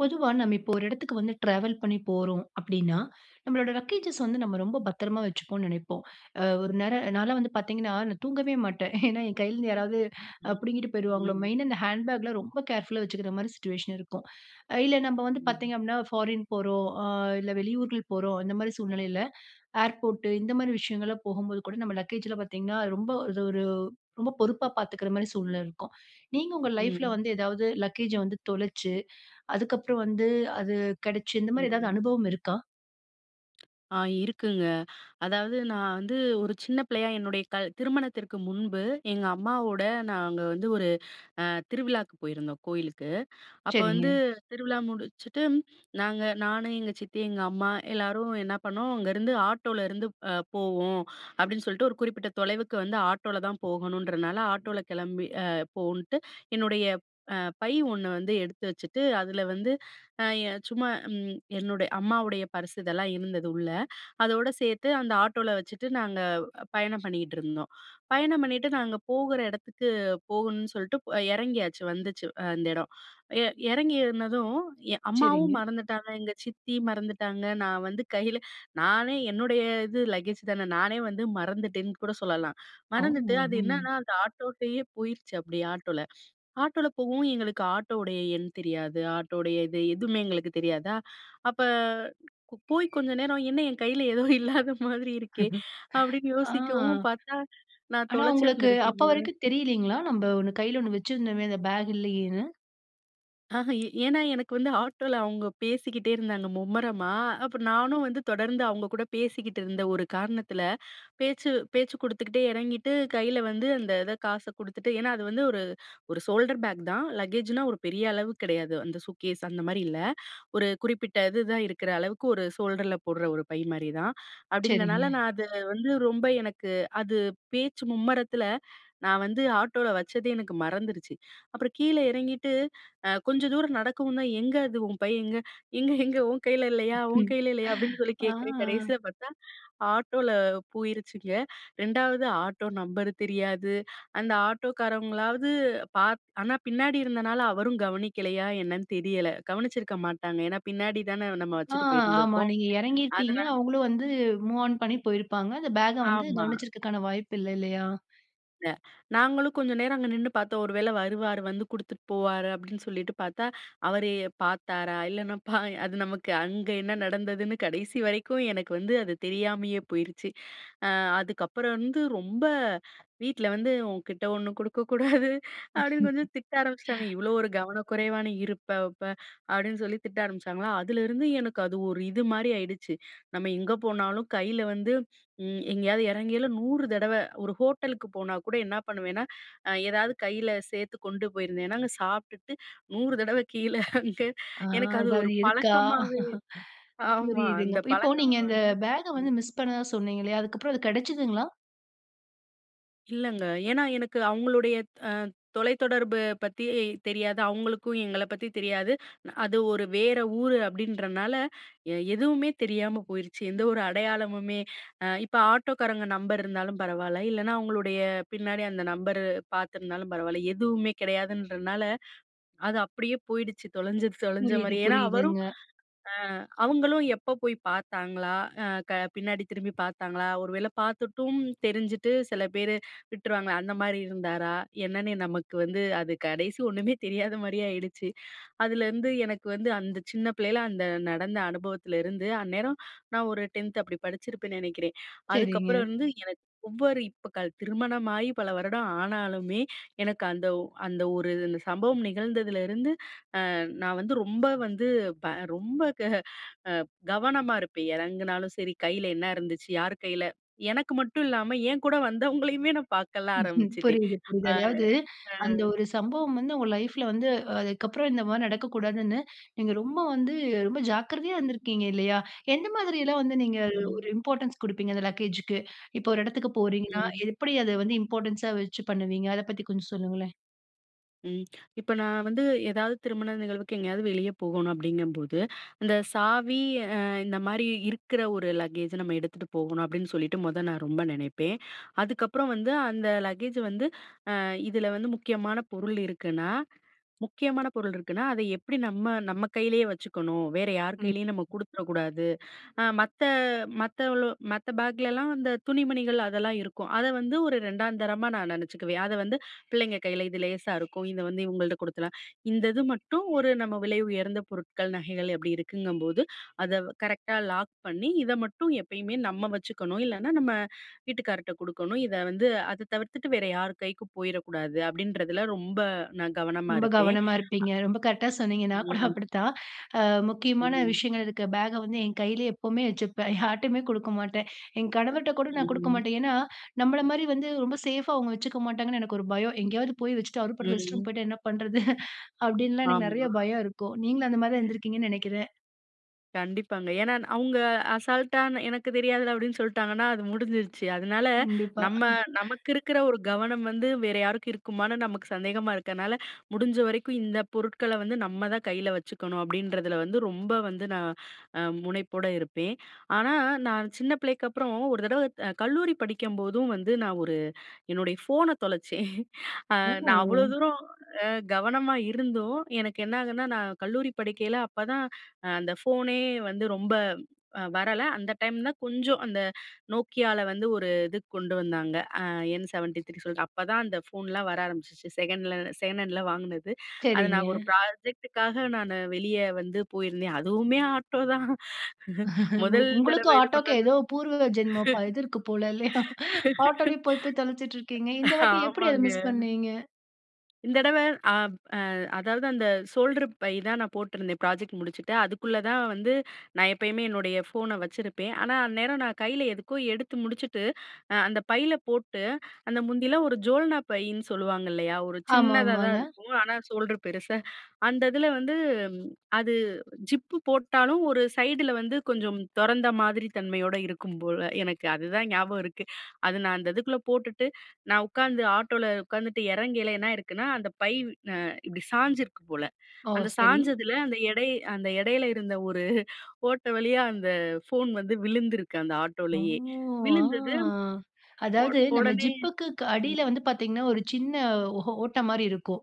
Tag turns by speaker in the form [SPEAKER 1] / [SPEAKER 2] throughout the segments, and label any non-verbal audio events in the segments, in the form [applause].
[SPEAKER 1] பொதுவா நம்ம இப்போ ஒரு இடத்துக்கு வந்து ட்ராவல் பண்ணி போறோம் அப்டின்னா, நம்மளோட லக்கேஜஸ் வந்து நம்ம ரொம்ப பத்திரமா வச்சுப்போம்னு நினைப்போம். அ ஒரு நேரம் நான் எல்லாம் வந்து பார்த்தீங்கன்னா நான் தூங்கவே மாட்டேன். ஏன்னா, என் கைல இருந்து யாராவது
[SPEAKER 2] ம்.
[SPEAKER 1] புடுங்கிட்டு போயிருவாங்களோ
[SPEAKER 2] ம்.
[SPEAKER 1] மெயின்னா, இந்த ஹேண்ட் பேக்லாம் ரொம்ப கேர்ஃபுல்லா வச்சுக்கிற மாரி சிட்யுவேஷன் இருக்கும். இல்ல நம்ம வந்து
[SPEAKER 2] ம்.
[SPEAKER 1] பார்த்தீங்க அப்டின்னா, ஃபாரின் போறோம், இல்ல வெளியூருக்கு போறோம். அந்த மாரி சூழ்நிலையில ஏர்போர்ட் இந்த மாரி விஷயங்கள்லாம் போகும்போது கூட நம்ம லக்கேஜில பார்த்தீங்கன்னா ரொம்ப அது ஒரு ரொம்ப பொறுப்பா பார்த்துக்கிற மாரி சூழ்நிலை இருக்கும். நீங்க உங்க லைஃப்பில
[SPEAKER 2] ம்.
[SPEAKER 1] வந்து ஏதாவது லக்கேஜ வந்து தொலைச்சு, அதுக்கப்புறம் வந்து அது கிடைச்சு இந்த மாரி ஏதாவது
[SPEAKER 2] ம்.
[SPEAKER 1] அனுபவம் இருக்கா?
[SPEAKER 2] ஆ இருக்குங்க. அதாவது நான் வந்து, ஒரு சின்ன பிள்ளையா என்னுடைய கல் திருமணத்திற்கு முன்பு, எங்க அம்மாவோட நாங்க வந்து ஒரு அ திருவிழாவுக்கு போயிருந்தோம் கோயிலுக்கு. அப்ப வந்து
[SPEAKER 1] சரிங்க.
[SPEAKER 2] திருவிழா முடிச்சுட்டு நாங்க நானு எங்க சித்தி, எங்க அம்மா எல்லாரும் என்ன பண்ணோம் அங்கிருந்து ஆட்டோலருந்து போவோம் அப்டின்னு சொல்லிட்டு ஒரு குறிப்பிட்ட தொலைவுக்கு வந்து ஆட்டோல தான் போகணுன்றதுனால ஆட்டோல கிளம்பி அ போன்ட்டு என்னுடைய அ பை ஒண்ணு வந்து எடுத்து வச்சுட்டு அதில வந்து. ஆ எ சும்மா ம். என்னுடை அம்மாவுடைய பர்ஸ் இதெல்லாம் இருந்தது உள்ள. அதோடு சேர்த்து அந்த ஆட்டோல வச்சுட்டு நாங்க பயணம் பண்ணிக்கிட்டு இருந்தோம். பயணம் பண்ணிட்டு நாங்க போகிற இடத்துக்கு போகணுன்னு சொல்லிட்டு இறங்கியாச்சு வந்துச்சு, அந்த இடம். எ எறங்கி இருந்ததும் எ அம்மாவும்
[SPEAKER 1] சரிங்க.
[SPEAKER 2] மறந்துட்டாங்க, எங்க சித்தியும் மறந்துட்டாங்க, நான் வந்து கையில, நானே என்னுடைய இது லக்கேஜ் தான நானே வந்து மறந்துட்டேன்னு கூட சொல்லலாம்.
[SPEAKER 1] அவ்
[SPEAKER 2] [chuckles] மறந்துட்டு அது
[SPEAKER 1] ம் [unintelligible]
[SPEAKER 2] என்னன்னா அது ஆட்டோடயே போயிருச்சு அப்டி ஆட்டோல. ஆட்டோல போகவும் எங்களுக்கு ஆட்டோவுடைய எண் தெரியாது. ஆட்டோடைய இது எதுவுமே எங்களுக்கு தெரியாதா அப்ப, போய் கொஞ்ச நேரம் என்ன என் கையில ஏதோ இல்லாத மாதிரி இருக்கே! அப்டின்னு
[SPEAKER 1] [laughs] ஆ.
[SPEAKER 2] யோசிக்கவும் பார்த்தா, நான்
[SPEAKER 1] ஆனா, உங்களுக்கு அப்ப
[SPEAKER 2] தொலைச்சிருந்துருக்கேன் போல.
[SPEAKER 1] வரைக்கும் தெரியலைங்களா? நம்ம ஒண்ணு கையில ஒண்ணு வச்சிருந்தோமே அந்த பேக் இல்லையேன்னு?
[SPEAKER 2] ஆஹ! ஏன்னா எனக்கு வந்து ஆட்டோல அவுங்க பேசிக்கிட்டே இருந்தாங்க மும்முரமா, அப்ப நானும் வந்து தொடர்ந்து அவுங்க கூட பேசிக்கிட்ருந்த ஒரு காரணத்தில, பேச்சு பேச்சு குடுத்துக்கிட்டே எறங்கிட்டு, கைல வந்து அந்த இத காச குடுத்துட்டு ஏன்னா, அது வந்து ஒரு ஒரு ஷோல்டர் பேக் தான். லக்கேஜ் னா ஒரு பெரிய அளவு கிடையாது. அந்த சூக்கேஸ் அந்த மாரி இல்ல. ஒரு குறிப்பிட்ட இது தான் இருக்குற அளவுக்கு ஒரு ஷோல்டர்ல போடுற ஒரு பை மாதிரி தான். அப்படின்றதுனால,
[SPEAKER 1] சரிங்க.
[SPEAKER 2] நான் அதை வந்து ரொம்ப எனக்கு அது பேச்சு மும்மரத்தில நான் வந்து ஆட்டோல வச்சதே எனக்கு மறந்துருச்சு. அப்புறம் கீழே எறங்கிட்டு அ கொஞ்சம் தூரம் நடக்கவும்தான் "எங்க அது? உன் பை எங்க?" "எங்க எங்க உன் கைல
[SPEAKER 1] [unintelligible]
[SPEAKER 2] இல்லயா? உன்
[SPEAKER 1] [chuckles]
[SPEAKER 2] கைல இல்லயா?" அப்டின்னு சொல்லி கேக்கறேன்
[SPEAKER 1] ஆ.
[SPEAKER 2] கடைசில பாத்தா ஆட்டோல போயிருச்சுங்க 2வது ஆட்டோ நம்பர் தெரியாது. அந்த ஆட்டோக்காரவங்களாவது பாத் ஆனா பின்னாடி இருந்தனால அவரும் கவனிக்கலையா? என்னன்னு தெரியல. கவனிச்சிருக்க மாட்டாங்க. ஏன்னா பின்னாடிதான நம்ம
[SPEAKER 1] ஆ,
[SPEAKER 2] வச்சுட்டு
[SPEAKER 1] ஆமா
[SPEAKER 2] போயிருந்துருக்கோம்.
[SPEAKER 1] நீங்க எறங்கியிருப்பீங்க.
[SPEAKER 2] அதனா
[SPEAKER 1] அவுங்களும் வந்து மூவ் ஆன் பண்ணி போயிருப்பாங்க. அந்த பேக்க வந்து
[SPEAKER 2] ஆமா.
[SPEAKER 1] கவனிச்சிருக்கதுக்கான வாய்ப்பு இல்ல, இல்லையா?
[SPEAKER 2] அ நாங்களும் கொஞ்சம் நேரம் அங்க நின்னு பாத்தோம். "ஒரு வேள வருவார் வந்து குடுத்துட்டு போவாரு" அப்படின்னு சொல்லிட்டு பாத்தா, அவரு பாத்தாரா? இல்லன்னா, பா அது நமக்கு, அங்க என்ன நடந்ததுன்னு கடைசி வரைக்கும் எனக்கு வந்து அது தெரியாமயே போயிருச்சு. அ அதுக்கப்புறம் வந்து, ரொம்ப வீட்ல வந்து "உன்கிட்ட ஒண்ணு குடுக்க கூடாது" அப்படின்னு கொஞ்சம் திட்ட ஆரம்ப்ச்சுட்டாங்க. "இவ்வளோ
[SPEAKER 1] [laughs]
[SPEAKER 2] ஒரு கவனக்குறைவா நீ இருப்ப, வப்பே" அப்படின்னு சொல்லி திட்ட ஆரம்பிச்சாங்களா, அதுலருந்து எனக்கு அது ஒரு இது மாரி ஆயிடுச்சு. நம்ம எங்க போனாலும் கையில வந்து, ம் எங்கயாவது எறங்கயில, 100 தடவ ஒரு ஹோட்டலுக்கு போனா கூட என்னா பண்ணுவேன்னா, அ எதாவது கையில சேத்து கொண்டு போயிருந்தேன்னா அங்க சாப்ட்டுட்டு 100 தடவ கீழே அங்க
[SPEAKER 1] ஆ
[SPEAKER 2] எனக்கு அது
[SPEAKER 1] ஏதாவது
[SPEAKER 2] ஒரு
[SPEAKER 1] இருக்கா?
[SPEAKER 2] பழக்கமாவே
[SPEAKER 1] [laughs]
[SPEAKER 2] ஆமா.
[SPEAKER 1] புரியுதுங்க.
[SPEAKER 2] அந்த
[SPEAKER 1] இப்போ
[SPEAKER 2] பழக்கம்
[SPEAKER 1] நீங்க இந்த
[SPEAKER 2] வந்து
[SPEAKER 1] பேக்க வந்து
[SPEAKER 2] ம்,
[SPEAKER 1] மிஸ் பண்ணதா சொன்னீங்கல்லையா, அதுக்கப்புறம் அது கெடச்சதுங்களா?
[SPEAKER 2] இல்லங்க. ஏன்னா, எனக்கு அவங்களுடைய அ தொலைத்தொடர்பு பத்தி தெரியாது. அவங்களுக்கும் எங்கள பத்தி தெரியாது. அது ஒரு வேற ஊரு அப்பிடீன்றனால, எ எதுவுமே தெரியாம போயிருச்சு. எந்த ஒரு அடையாளமுமே, அ இப்ப ஆட்டோக்காரங்க நம்பர் இருந்தாலும் பரவால்ல. இல்லனா அவங்களுடைய பின்னாடி அந்த நம்பரு, பார்த்துருந்தாலும் பரவால்ல. எதுவுமே கிடையாதுன்றனால, அது அப்படியே போயிடுச்சு, தொலைஞ்சது தொலைஞ்ச
[SPEAKER 1] புரியுது.
[SPEAKER 2] மாரி. ஏன்னா அவரும்,
[SPEAKER 1] புரியுதுங்க.
[SPEAKER 2] அ அவங்களும் எப்ப போய் பார்த்தாங்களா? அ க பின்னாடி திரும்பி பார்த்தாங்களா? ஒரு வேள பார்த்துட்டும், தெரிஞ்சுட்டு சில பேரு விட்டுருவாங்களே? அந்த மாரி இருந்தாரா? என்னன்னே நமக்கு வந்து அது கடைசி, ஒண்ணுமே தெரியாத மாரி ஆயிடுச்சு. அதுலருந்து எனக்கு வந்து, அந்த சின்ன பிள்ளைல, அந்த நடந்த அனுபவத்துலருந்து, அந்நேரம் நான் ஒரு 10த் அப்பிடி படிச்சிருப்பேன்னு நினைக்கிறேன். அதுக்கப்புறம்
[SPEAKER 1] சரிங்க.
[SPEAKER 2] வந்து, எனக்கு ஒவ்வொரு இப்ப கல் திருமணமாயி பல வருடம் ஆனாலுமே, எனக்கு அந்த ஒ அந்த ஒரு இந்த சம்பவம் நிகழ்ந்ததுலருந்து, அ நான் வந்து ரொம்ப வந்து ப ரொம்ப க அ கவனமா இருப்பேன் இறங்குனாலும் சரி, கைல என்னருந்துச்சு? யாரு கைல? எனக்கு மட்டும் இல்லாம, என் கூட வந்தவங்களையுமே நான் பாக்கல்லாம்
[SPEAKER 1] [chuckles]
[SPEAKER 2] ஆரம்பிச்சுட்டேன்.
[SPEAKER 1] புரியுது, புரியுது.
[SPEAKER 2] அ,
[SPEAKER 1] அதாவது
[SPEAKER 2] அ.
[SPEAKER 1] அந்த ஒரு சம்பவம் வந்து உங்க லைஃப்புல வந்து, அதுக்கப்புறம் இந்த மாரி நடக்கக்கூடாதுன்னு, நீங்க ரொம்ப வந்து ரொம்ப ஜாக்கிரதையா இருந்துருக்கீங்க, இல்லையா? எந்த மாதிரியெல்லாம் வந்து, நீங்க ஒரு
[SPEAKER 2] ம்.
[SPEAKER 1] இம்பார்ட்டன்ஸ் குடுப்பீங்க, அந்த லக்கேஜு க்கு. இப்போ ஒரு இடத்துக்கு போறீங்கன்னா,
[SPEAKER 2] ம்.
[SPEAKER 1] எப்பிடி அத வந்து இம்பார்ட்டன்ஸா வச்சு பண்ணுவீங்க? அத பத்தி கொஞ்சம் சொல்லுங்களேன்?
[SPEAKER 2] ம். இப்ப நான் வந்து ஏதாவது திருமண நிகழ்வுக்கு எங்கயாவது வெளிய போகணும் அப்படிங்கும்போது, "இந்த சாவி அ இந்த மாரி இருக்கிற ஒரு லக்கேஜ் நம்ம எடுத்துட்டு போகணும்." அப்படீன்னு சொல்லிட்டு மொத நான் ரொம்ப நெனைப்பேன். அதுக்கப்பறம் வந்து, "அந்த லக்கேஜ் வந்து அ இதில வந்து, முக்கியமான பொருள் இருக்குன்னா முக்கியமான பொருள் இருக்குனா, அதை எப்படி நம்ம நம்ம கையிலயே வச்சுக்கணும். வேற யார்
[SPEAKER 1] ம்.
[SPEAKER 2] கையிலேயும் நம்ம கொடுத்துற கூடாது." அ மத்த மத்தவளோ மத்த பேக்லலாம், அந்த துணிமணிகள் அதெல்லாம் இருக்கும். அதை வந்து ஒரு 2ஆந்தரமா நான் நெனைச்சுக்குவேன். "அதை வந்து பிள்ளைங்க கையில இது லேசா இருக்கும், இதை வந்து இவங்கள்ட்ட குடுக்கலாம். இந்த இது மட்டும் ஒரு நம்ம விலை உயர்ந்த பொருட்கள், நகைகள் அப்படி இருக்குங்கும்போது, அத கரெக்ட்டா லாக் பண்ணி இதை மட்டும் எப்பயுமே நம்ம வச்சுக்கணும். இல்லைன்னா, நம்ம வீட்டுக்காரர்கிட்ட குடுக்கணும். இதை வந்து, அத தவிர்த்துட்டு வேற யார் கைக்கும் போயிரக்கூடாது." அப்படீன்றதுல ரொம்ப நான் கவனமா
[SPEAKER 1] ரொம்ப
[SPEAKER 2] இருப்பேன்.
[SPEAKER 1] கவனமா
[SPEAKER 2] அ
[SPEAKER 1] இருப்பீங்க. ரொம்ப கரெக்ட்டா சொன்னீங்க. நான் கூட
[SPEAKER 2] ம்.
[SPEAKER 1] அப்படிதான். அ முக்கியமான
[SPEAKER 2] ம்.
[SPEAKER 1] விஷயங்கள் இருக்க பேக வந்து என் கையிலே எப்பவுமே வச்சுப்பேன். [chuckles] யார்ட்டயுமே குடுக்க மாட்டேன். என் கணவர்ட்ட கூட நான் குடுக்க
[SPEAKER 2] ம்.
[SPEAKER 1] மாட்டேன். ஏன்னா, நம்மள மாரி வந்து ரொம்ப சேஃபா அவுங்க வச்சுக்க மாட்டாங்கன்னு எனக்கு ஒரு பயம். "எங்கேயாவது போய் வச்சுட்டு, அவரு பாட்டு ரெஸ்ட் ரூம்
[SPEAKER 2] ம்.
[SPEAKER 1] போய்ட்டா என்ன பண்ணுறது?" [chuckles] அப்படின்லாம் எனக்கு நெறைய
[SPEAKER 2] ஆமா.
[SPEAKER 1] பயம் இருக்கும். நீங்களும் அந்த மாரி தான் இருந்துருக்கீங்கன்னு நெனைக்கிறேன்.
[SPEAKER 2] கண்டிப்பாங்க. ஏன்னா, அவுங்க அசால்டா எனக்கு தெரியாதுல அப்டின்னு சொல்ட்டாங்கன்னா, அது முடிஞ்சிருச்சு அதுனால
[SPEAKER 1] கண்டிப்பா
[SPEAKER 2] நம்ம
[SPEAKER 1] [chuckles]
[SPEAKER 2] நமக்கு இருக்குற ஒரு கவனம் வந்து, வேற யாருக்கும் இருக்குமான்னு, நமக்கு சந்தேகமா இருக்கனால முடிஞ்ச வரைக்கும் இந்த பொருட்கள வந்து, நம்ம தான் கையில வச்சுக்கணும். அப்டின்றதுல வந்து ரொம்ப வந்து நான் முனைப்போட இருப்பேன். ஆனா நான் சின்ன பிள்ளைக்கப்புறம், ஒரு தடவ கல்லூரி படிக்கும்போதும் வந்து, நான் ஒரு என்னோடய ஃபோன தொலைச்சேன். [chuckles] அ நான் அவ்ளோ
[SPEAKER 1] ஓ
[SPEAKER 2] தூரம் அ கவனமா இருந்தும் எனக்கு என்னாகுதுனா, நான் கல்லூரி படிக்கையில அப்பதான் அ அந்த ஃபோனே வந்து ரொம்ப அ வரல. அந்த டைம் தான் கொஞ்சம் அந்த Nokiaல வந்து ஒரு இதுக்கு கொண்டு வந்தாங்க. அ என் 73 சொல்ட்டு அப்ப தான் அந்த ஃபோன்லாம் வர ஆரம்பிச்சுச்சு. செகண்ல செகண்ட் ஹேண்டுல வாங்குனது. அது
[SPEAKER 1] சரிங்க.
[SPEAKER 2] நான் ஒரு ப்ராஜெக்டு க்காக நானு வெளிய வந்து போயிருந்தேன். அதுவுமே ஆட்டோ தான். மொதல்
[SPEAKER 1] உங்களுக்கும்
[SPEAKER 2] தடவை இது
[SPEAKER 1] ஆட்டோக்கும்,
[SPEAKER 2] பண்ணது
[SPEAKER 1] ஏதோ பூர்வ ஜென்மம் ப இது இருக்குது போல இல்லயா? ஆட்டோலயே போய் போய் தொலச்சிட்டு இருக்கீங்க. இந்த வாட்டி எப்டி அத
[SPEAKER 2] ஆமாங்க.
[SPEAKER 1] மிஸ் பண்ணீங்க?
[SPEAKER 2] இந்தடவ ஆ அ அதாவது அந்த ஷோல்டர் பை தான் நான் போட்ருந்தேன் ப்ராஜெக்ட் முடிச்சுட்டு. அதுக்குள்ள தான் வந்து நான் எப்பயுமே என்னுடைய ஃபோன வச்சிருப்பேன். ஆனா அந்நேரம் நான் கையில எதுக்கோ எடுத்து முடிச்சுட்டு, அந்த பையில போட்டு அந்த முந்தில ஒரு ஜோல்னா பைன்னு சொல்லுவாங்க இல்லயா? ஒரு சின்னதா தான்
[SPEAKER 1] ஆமாமாங்க.
[SPEAKER 2] இருக்கும். ஆனா சோல்டர் பெருசா அந்த இதுல வந்து அது ஜிப்பு போட்டாலும் ஒரு சைடுல வந்து, கொஞ்சம் தொறந்த மாதிரி தன்மையோட இருக்கும் போல, எனக்கு அதுதான் ஞாபகம் இருக்கு. அது நான் அந்த இதுக்குள்ள போட்டுட்டு நான் உக்காந்து ஆட்டோல உக்காந்துட்டு, எறங்கேல என்ன ஆயிருக்குன்னா. அந்த பை அ இப்டி சாஞ்சிருக்கு போல.
[SPEAKER 1] ஓ!
[SPEAKER 2] அந்த
[SPEAKER 1] சரி.
[SPEAKER 2] சாய்ஞ்சதுல அந்த எடை அந்த எடையில இருந்த ஒரு [laughs] ஓட்ட வழியா அந்த ஃபோன் வந்து விழுந்திருக்கு. அந்த
[SPEAKER 1] ஓ!
[SPEAKER 2] ஆட்டோலயே.
[SPEAKER 1] ஆ
[SPEAKER 2] விழுந்தது, ஒ
[SPEAKER 1] அதாவது நம்ம
[SPEAKER 2] ஒடனே
[SPEAKER 1] ஜிப்புக்கு க்
[SPEAKER 2] ம்.
[SPEAKER 1] அடியில வந்து பார்த்தீங்கன்னா, ஒரு சின்ன ஒ ஓட்ட மாரி இருக்கும்.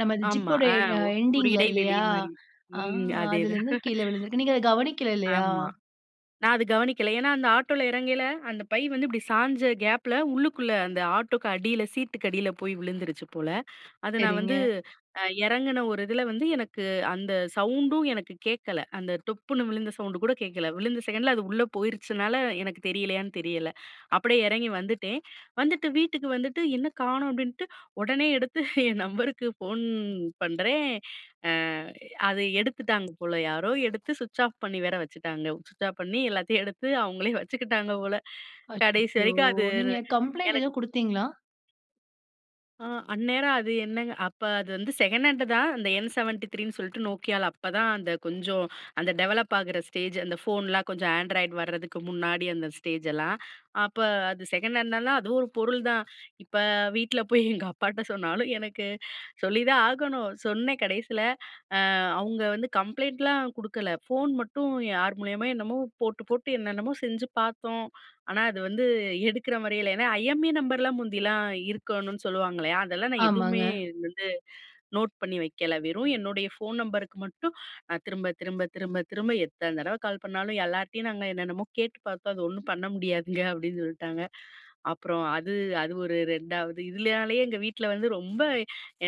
[SPEAKER 1] நமது
[SPEAKER 2] ஆமா
[SPEAKER 1] ஜிப்போட
[SPEAKER 2] ஆ
[SPEAKER 1] எ
[SPEAKER 2] ஒ ஒரு
[SPEAKER 1] எண்டிங்க் ல
[SPEAKER 2] இடைவெளி
[SPEAKER 1] இல்லயா?
[SPEAKER 2] மாரி.
[SPEAKER 1] அ
[SPEAKER 2] ம். அதேதான்
[SPEAKER 1] அதுலருந்து கீழே விழுந்திருக்கு. நீங்க அத
[SPEAKER 2] [chuckles]
[SPEAKER 1] கவனிக்கல இல்லயா?
[SPEAKER 2] ஆமா நான் அது கவனிக்கல. ஏன்னா அந்த ஆட்டோல எறங்கேல, அந்த பை வந்து இப்டி சாய்ஞ்ச கேப்ல, உள்ளுக்குள்ள அந்த ஆட்டோக்கு அடியில, சீட்டுக்கு அடியில போய் விழுந்துருச்சு போல அத நான்
[SPEAKER 1] சரிங்க.
[SPEAKER 2] வந்து எறங்குன ஒரு இதுல வந்து எனக்கு அந்த சவுண்டும் எனக்கு கேக்கல. அந்த டொப்புன்னு விழுந்த சவுண்ட் கூட கேக்கல. விழுந்த செகண்ட்ல அது உள்ள போயிருச்சுனால எனக்கு தெரியலையான்னு தெரியல. அப்டியே எறங்கி வந்துட்டேன். வந்துட்டு வீட்டுக்கு வந்துட்டு, என்ன கானோம் அப்டின்ட்டு, ஒடனே எடுத்து என் நம்பருக்கு ஃபோன் பண்றேன். அ அத எடுத்துட்டாங்க போல யாரோ எடுத்து சுவிட்ச் ஆஃப் பண்ணி வேற வச்சுட்டாங்க. சுவிட்ச் ஆஃப் பண்ணி எல்லாத்தையும் எடுத்து அவுங்களே வச்சுக்கிட்டாங்க போல. கடைசி
[SPEAKER 1] அச்சச்சோ!
[SPEAKER 2] வரைக்கும் அது
[SPEAKER 1] நீங்க கம்ப்ளெயிண்ட்
[SPEAKER 2] எனக்கு
[SPEAKER 1] எதும் குடுத்தீங்ளா?
[SPEAKER 2] ஆ. அந்நேரம் அது என்னங் அப்ப அது வந்து செகண்ட் ஹேண்ட் தான். அந்த என் 73ன்னு சொல்ட்டு Nokiaல அப்பதான் அந்த கொஞ்சம், அந்த டெவலப் ஆகுற ஸ்டேஜ். அந்த ஃபோன்லாம் கொஞ்சம் ஆண்ட்ராய்டு வரதுக்கு முன்னாடி அந்த ஸ்டேஜ் லாம். அப்போ அது செகண்ட் ஹேண்ட் லாம் அதுவும் ஒரு பொருள் தான். இப்ப வீட்ல போய் எங்க அப்பாட்ட சொன்னாலும். எனக்கு சொல்லிதான் ஆகணும். சொன்னேன் கடைசியில. அ அவங்க வந்து கம்ப்ளைண்ட்லாம் குடுக்கல. ஃபோன் மட்டும் யார் மூலியமா என்னமோ போட்டு, போட்டு என்னென்னமோ செஞ்சு பார்த்தோம். ஆனா, அது வந்து எடுக்கிற மாரி இல்ல. ஏனா, ஐஎம்இ நம்பர்லாம் முந்தியெல்லாம் இருக்கணும்னு சொல்லுவாங்க இல்லையா? அதெல்லாம் நான் எதுவுமே
[SPEAKER 1] ஆமாங்க.
[SPEAKER 2] வந்து நோட் பண்ணி வைக்கல. வெறும் என்னுடைய ஃபோன் நம்பருக்கு மட்டும், நான் திரும்ப, திரும்ப, திரும்ப, திரும்ப எத்தன தடவ கால் பண்ணாலும், எல்லார்கிட்டயும் நாங்க என்னென்னமோ கேட்டு பார்த்தோம். அது ஒண்ணும் பண்ண முடியாதுங்க. அப்டின்னு சொல்ட்டாங்க. அப்புறம் அது, அது ஒரு 2வது. இதுலனாலேயே எங்க வீட்ல வந்து ரொம்ப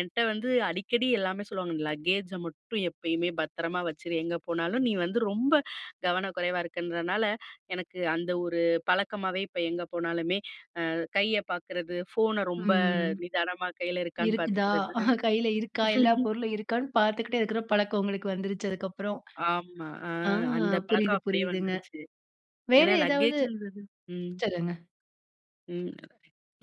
[SPEAKER 2] என்ட்ட வந்து அடிக்கடி எல்லாமே சொல்லுவாங்க. லக்கேஜை மட்டும் எப்பயுமே பத்திரமா வச்சுடு. எங்க போனாலும் நீ வந்து ரொம்ப கவனக்குறைவா இருக்குன்றனால, எனக்கு அந்த ஒரு பழக்கமாவே இப்போ எங்க போனாலுமே, அ கைய பார்க்கறது. ஃபோன ரொம்ப
[SPEAKER 1] ம்.
[SPEAKER 2] நிதானமா கையில இருக்கான்னு
[SPEAKER 1] இருக்குதா?
[SPEAKER 2] பார்த்துக்கறது.
[SPEAKER 1] கையில இருக்கா? எல்லா
[SPEAKER 2] [laughs]
[SPEAKER 1] பொருளும் இருக்கான்னு பார்த்துகிட்டே இருக்கிற பழக்கம் உங்களுக்கு வந்துருச்சு. அதுக்கு அப்புறம்.
[SPEAKER 2] ஆமா. ஆ.
[SPEAKER 1] ஆ.
[SPEAKER 2] அந்த
[SPEAKER 1] புரியுது
[SPEAKER 2] பழக்கம் அப்டியே
[SPEAKER 1] புரியுதுங்க.
[SPEAKER 2] வந்துருச்சு.
[SPEAKER 1] வேற
[SPEAKER 2] ஏனா,
[SPEAKER 1] ஏதாவது
[SPEAKER 2] லக்கேஜ் ன்றது ம்.
[SPEAKER 1] சொல்லுங்க.
[SPEAKER 2] ம்.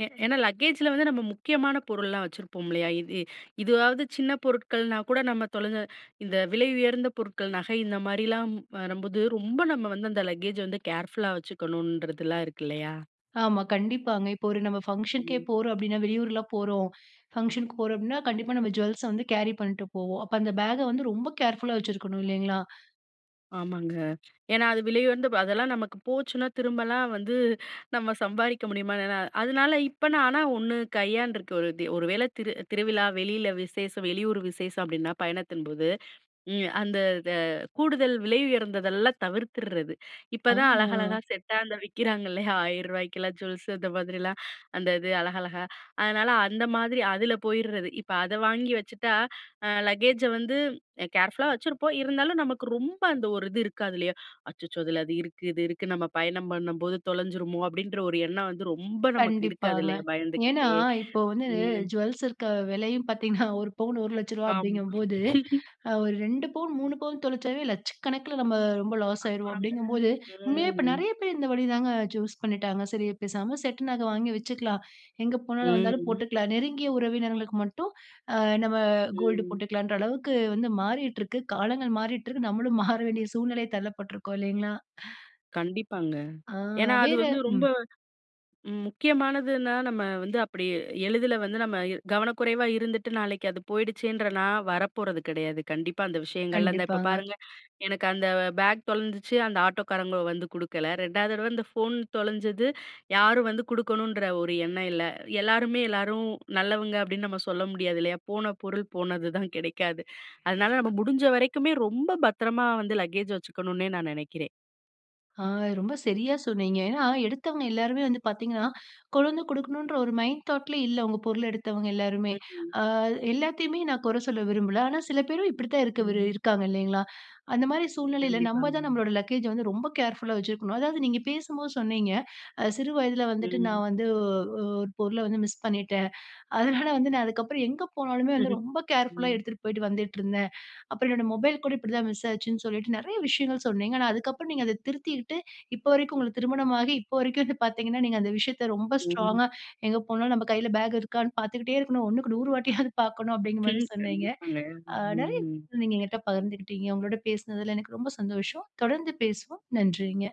[SPEAKER 2] ஏ ஏனா லக்கேஜில வந்து நம்ம முக்கியமான பொருள்லாம் வச்சுருப்போம் இல்லையா? இது இதுவாது சின்ன பொருட்கள்னா கூட நம்ம தொலைஞ்ச இந்த விலை உயர்ந்த பொருட்கள், நகை இந்த மாரிலாம் வரும்போது ரொம்ப நம்ம வந்து அந்த லக்கேஜ வந்து கேர்ஃபுல்லா வச்சுக்கணுன்றதுலாம் இருக்கு இல்லையா?
[SPEAKER 1] ஆமா, கண்டிப்பாங்க. இப்ப ஒரு நம்ம ஃபங்ஷனுக்கே
[SPEAKER 2] ம்.
[SPEAKER 1] போறோம் அப்டின்னா வெளியூர்லாம் போறோம், ஃபங்ஷனுக்கு போறோம் அப்டின்னா, கண்டிப்பா நம்ம ஜூவல்ஸ வந்து கேரி பண்ணிட்டு போவோம். அப்ப அந்த பேக்க வந்து ரொம்ப கேர்ஃபுல்லா வைச்சிருக்கணும் இல்லைங்களா?
[SPEAKER 2] ஆமாங்க. ஏனா, அது விலை உயர்ந்த அதெல்லாம் நமக்கு போச்சுனா திரும்பலாம் வந்து நம்ம சம்பாரிக்க முடியுமா? எனா அதனால, இப்ப நான் ஆனா 1 கையான்றுக்க, ஒரு ஒரு வேள திரு திருவிழா, வெளியில விசேஷம், வெளியூர் விசேஷம் அப்டின்னா பயணத்தின்போது, ம். அந்த இத கூடுதல் விலை உயர்ந்ததெல்லாம் தவிர்த்திறது.
[SPEAKER 1] ஆ.
[SPEAKER 2] இப்பதான் அழகழகா செட்டா அந்த விக்கிறாங்க இல்லையா? 1000ரூவாக்குகெல்லாம் ஜூவல்ஸு அந்த மாதிரிலாம். அந்த இது அழகழகா. அதனால அந்த மாதிரி அதில போயிறது. இப்ப அத வாங்கி வச்சுட்டா அ லக்கேஜை வந்து கேர்ஃபுல்லா வச்சுருப்போம் இருந்தாலும், நமக்கு ரொம்ப அந்த ஒரு இது இருக்காது இல்லையா? அச்சச்சோ! அதில அது இருக்கு, இது இருக்கு நம்ம பயணம் பண்ணும்போது தொலைஞ்சிருமோ! அப்டின்ற ஒரு எண்ணம் வந்து ரொம்ப நமக்கு இருக்காது
[SPEAKER 1] கண்டிப்பாங்க.
[SPEAKER 2] இல்லையா?
[SPEAKER 1] ஏனா,
[SPEAKER 2] பயந்துக்கிட்டே.
[SPEAKER 1] இப்ப வந்து
[SPEAKER 2] ம்.
[SPEAKER 1] ஜூவல்ஸ் இருக்க விலையும் பார்த்தீங்கன்னா, ஒரு பவுன் 1,00,000 ரூவா
[SPEAKER 2] ஆமா.
[SPEAKER 1] அப்டிங்கும்போது,
[SPEAKER 2] [laughs]
[SPEAKER 1] ஒரு 2 பவுன் 3 பவுன் தொலைச்சாவே லட்சக்கணக்கில நம்ம ரொம்ப லாஸ் ஆயுருவோம்
[SPEAKER 2] அப்றம்ங்க.
[SPEAKER 1] அப்டிங்கும்போது, உண்மையாவே இப்ப
[SPEAKER 2] ம்.
[SPEAKER 1] நிறைய பேர் இந்த வழிதாங்க சூஸ் பண்ணிட்டாங்க. சரி, பேசாம செட்டு நகை வாங்கி வச்சுக்கலாம் எங்கே போனாலும், வந்தாலும்
[SPEAKER 2] ம்.
[SPEAKER 1] போட்டுக்கலாம். நெருங்கிய உறவினர்களுக்கு மட்டும் அ நம்ம கோல்டு
[SPEAKER 2] ம்.
[SPEAKER 1] போட்டுக்கலாம்ன்ற அளவுக்கு வந்து மாறிட்டு இருக்கு. காலங்கள் மாறிட்டு இருக்கு. நம்மளும் மாற வேண்டிய சூழ்நிலை தள்ளப்பட்டிருக்கோம் இல்லைங்களா?
[SPEAKER 2] கண்டிப்பாங்க.
[SPEAKER 1] ஆ.
[SPEAKER 2] ஏனா அது
[SPEAKER 1] வேற
[SPEAKER 2] வந்து
[SPEAKER 1] ம்.
[SPEAKER 2] ரொம்ப முக்கியமானதுன்னா நம்ம வந்து அப்டி எளிதில வந்து நம்ம கவனக்குறைவா இருந்துட்டு, நாளைக்கு அது போயிடுச்சன்ற நா வரப்போறது கிடையாது. கண்டிப்பா அந்த விஷயங்கள்ல இந்த இப்ப
[SPEAKER 1] கண்டிப்பாங்க.
[SPEAKER 2] பாருங்க, எனக்கு அந்த பேக் தொலைஞ்சிச்சு, அந்த ஆட்டோக்காரங்க வந்து குடுக்கல. 2வது தடவை அந்த ஃபோன் தொலைஞ்சது யாரும் வந்து குடுக்கணுன்ற ஒரு எண்ணம் இல்ல. எல்லாருமே எல்லாரும் நல்லவங்க, அப்டின்னு நம்ம சொல்ல முடியாது இல்லையா? போன பொருள் போனதுதான், கிடைக்காது. அதனால நம்ம முடிஞ்ச வரைக்குமே ரொம்ப பத்திரமா வந்து லக்கேஜ் வச்சுக்கணுன்னே நான் நினைக்கிறேன்.
[SPEAKER 1] ஆ ரொம்ப சரியா சொன்னீங்க. ஏன்னா, எடுத்தவங்க எல்லாருமே வந்து பார்த்தீங்கனா கொண்டு வந்து குடுக்கணும்ன்ற ஒரு மைண்ட் தாட் லயே இல்ல. உங்க பொருள்ள எடுத்தவங்க எல்லாருமே.
[SPEAKER 2] ம். ம்.
[SPEAKER 1] ஆ எல்லாத்தையுமே நான் குறை சொல்ல விரும்பல. ஆனா சில பேரும் இப்டித்தான் இருக்க வி
[SPEAKER 2] ம்.
[SPEAKER 1] இருக்காங்க இல்லைங்களா? அந்த மாரி சூழ்நிலையில நம்ம
[SPEAKER 2] கண்டிப்பாங்க.
[SPEAKER 1] தான் நம்முடைய லக்கேஜ்ஜ வந்து ரொம்ப கேர்ஃபுல்லா வைச்சிருக்கனும். அதாவது, நீங்க பேசும்போது சொன்னீங்க. அ சிறு வயதில வந்துட்டு
[SPEAKER 2] ம்.
[SPEAKER 1] நான் வந்து ஒ ஒரு பொருள வந்து மிஸ் பண்ணிட்டேன். அதனால வந்து நான் அதுக்கப்புறம் எங்க போனாலுமே வந்து
[SPEAKER 2] [chuckles]
[SPEAKER 1] ரொம்ப கேர்ஃபுல்லா
[SPEAKER 2] ம்.
[SPEAKER 1] எடுத்துட்டு போயிட்டு வந்துட்டு இருந்தேன். அப்புறம் என்னுடைய மொபைல் கூட இப்டி தான் மிஸ் ஆச்சுன்னு சொல்லிட்டு நிறைய விஷயங்கள் சொன்னீங்க. ஆனா, அதுக்கு அப்புறம் நீங்க அத திருத்தீட்டு, இப்ப வரைக்கும் உங்களுக்கு திருமணமாகி இப்ப வரைக்கும் வந்து பார்த்தீங்கனா, நீங்க அந்த விஷயத்த ரொம்ப ஸ்ட்ராங்கா
[SPEAKER 2] ம்.
[SPEAKER 1] எங்க போனாலும் நம்ம கையில பேக் இருக்காணு பார்த்துக்கிட்டே இருக்கணும். 1க்கு 100 வாட்டியாவது பார்க்கணும் அப்டிங்கிற மாரி
[SPEAKER 2] ம்.
[SPEAKER 1] சொன்னீங்க.
[SPEAKER 2] கண்டிப்பாங்க.
[SPEAKER 1] அ நிறைய
[SPEAKER 2] ம்.
[SPEAKER 1] நீங்க எங்கிட்ட பகிர்ந்துகிட்டீங்க. உங்களோட பேசுனதில எனக்கு ரொம்ப சந்தோஷம். தொடர்ந்து பேசுவோம். நன்றிங்க.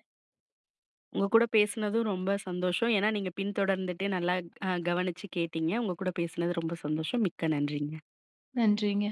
[SPEAKER 2] உங்க கூட பேசுனதும் ரொம்ப சந்தோஷம்! ஏனா, நீங்க பின்தொடர்ந்துட்டு நல்லா அ கவனிச்சு கேட்டீங்க. உங்க கூட பேசினது ரொம்ப சந்தோஷம்! மிக்க நன்றிங்க.
[SPEAKER 1] நன்றிங்க.